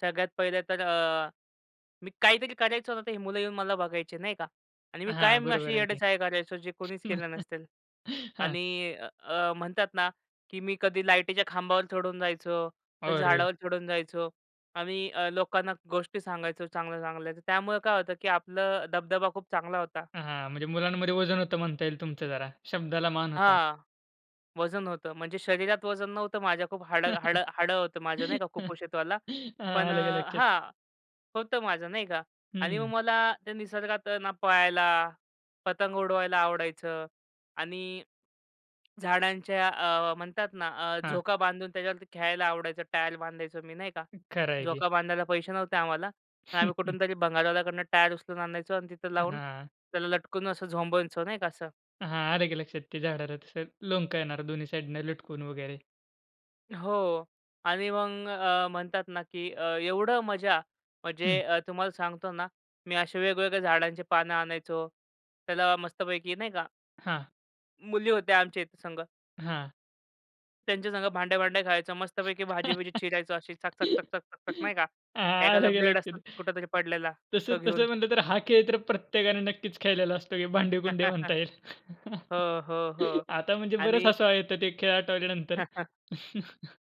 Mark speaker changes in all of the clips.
Speaker 1: सगळ्यात पहिले तर अ, मी काहीतरी करायचो ना तर ही मुलं येऊन मला बघायची, नाही का आणि मी
Speaker 2: हां,
Speaker 1: कायम अशी
Speaker 2: बरोबर आहे की.
Speaker 1: येडेचाळे करायचो जे कोणीच केलं नसतील
Speaker 2: हां.
Speaker 1: आणि अ, अ, म्हणतात ना, की मी कधी लाईटीच्या खांबावर चढून जायचो, कधी
Speaker 2: अरे.
Speaker 1: झाडावर चढून जायचो आणि अ, लोकांना गोष्टी सांगायचो चांगल्या-चांगल्या. त्यामुळं काय होतं, की आपलं दबदबा खूप चांगला होता.
Speaker 2: हां, हां, म्हणजे मुलांमध्ये वजन होतं म्हणता येईल तुमचं जरा. शब्दाला मान होता.
Speaker 1: हां, वजन होतं म्हणजे शरीरात वजन नव्हतं माझ्या. खूप हाड हाड हाडं होतं माझं नाही का
Speaker 2: हां,
Speaker 1: कुपोषितवाला, पण अ
Speaker 2: आलं का लक्षात?
Speaker 1: हां, होतं माझं नाही का आणि मग
Speaker 2: हं.
Speaker 1: मला, ते निसर्गात आहे ना पाळायला, पतंग उडवायला आवडायचं आणि झाडांच्या अ, म्हणतात ना अ,
Speaker 2: हां.
Speaker 1: झोका बांधून त्याच्यावरती खेळायला आवडायचं, टायर बांधायचो मी, नाही का?
Speaker 2: खरं आहे की.
Speaker 1: झोका बांधायला पैसे नव्हते आम्हाला. तर आम्ही कुठूनतरी भंगारवाल्याकडून टायर उचलून आणायचो अन् तिथं लावून
Speaker 2: हां.
Speaker 1: त्याला लटकून असं झोंबायचो नाही का असं.
Speaker 2: हां, आलं की लक्षात ते झाडाला तसं लोमकळणारं येणार दोन्ही साइडने लटकून वगैरे.
Speaker 1: हो आणि मग अ, म्हणतात ना, की अ, एवढं मजा म्हणजे
Speaker 2: हं.
Speaker 1: अ, तुम्हाला सांगतो ना, मी असे वेगवेगळ्या झाडांची पानं आणायचो. त्याला मस्तपैकी नाही का
Speaker 2: हां.
Speaker 1: मुली होत्या आमच्या इथे संग.
Speaker 2: हां.
Speaker 1: त्यांच्या संग भांड्या-भांड्या खेळायचो. मस्तपैकी भाजी-बीजी
Speaker 2: हां,
Speaker 1: चिरायचो अशी चक-चक-चक-चक-चक-चक नाही का एखादा
Speaker 2: आलं का
Speaker 1: ब्लेड असतो
Speaker 2: लक्षात?
Speaker 1: कुठेतरी पडलेला.
Speaker 2: तसं
Speaker 1: तो घेऊन.
Speaker 2: तसं म्हणलं तर हा खेळ तर प्रत्येकाने नक्कीच खेळलेला असतो की भांडे-कुंडे म्हणता येईल.
Speaker 1: हो, हो, हो
Speaker 2: आता म्हणजे बरच
Speaker 1: आणि
Speaker 2: हसू येतं ते खेळ आठवल्यानंतर.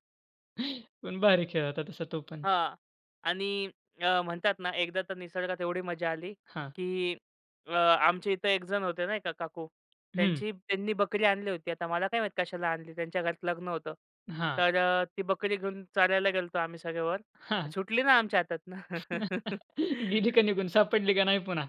Speaker 2: पण भारी खेळ होता तसा तो पण.
Speaker 1: हां आणि अ, म्हणतात ना, एकदा तर निसर्गात एवढी मजा आली,
Speaker 2: हां.
Speaker 1: की अ, आमच्या इथे एक जण होते नाही का काकू,
Speaker 2: हं.
Speaker 1: त्यांची त्यांनी बकरी आणली होती. आता मला काय माहिती कशाला आणली? त्यांच्या घरात लग्न होतं.
Speaker 2: हां.
Speaker 1: तर अ, ती बकरी घेऊन चारायला गेलो होतो आम्ही सगळेवर. अ
Speaker 2: हां.
Speaker 1: सुटली ना आमच्या हातातनं.
Speaker 2: गेली का निघून? सापडली का नाही पुन्हा?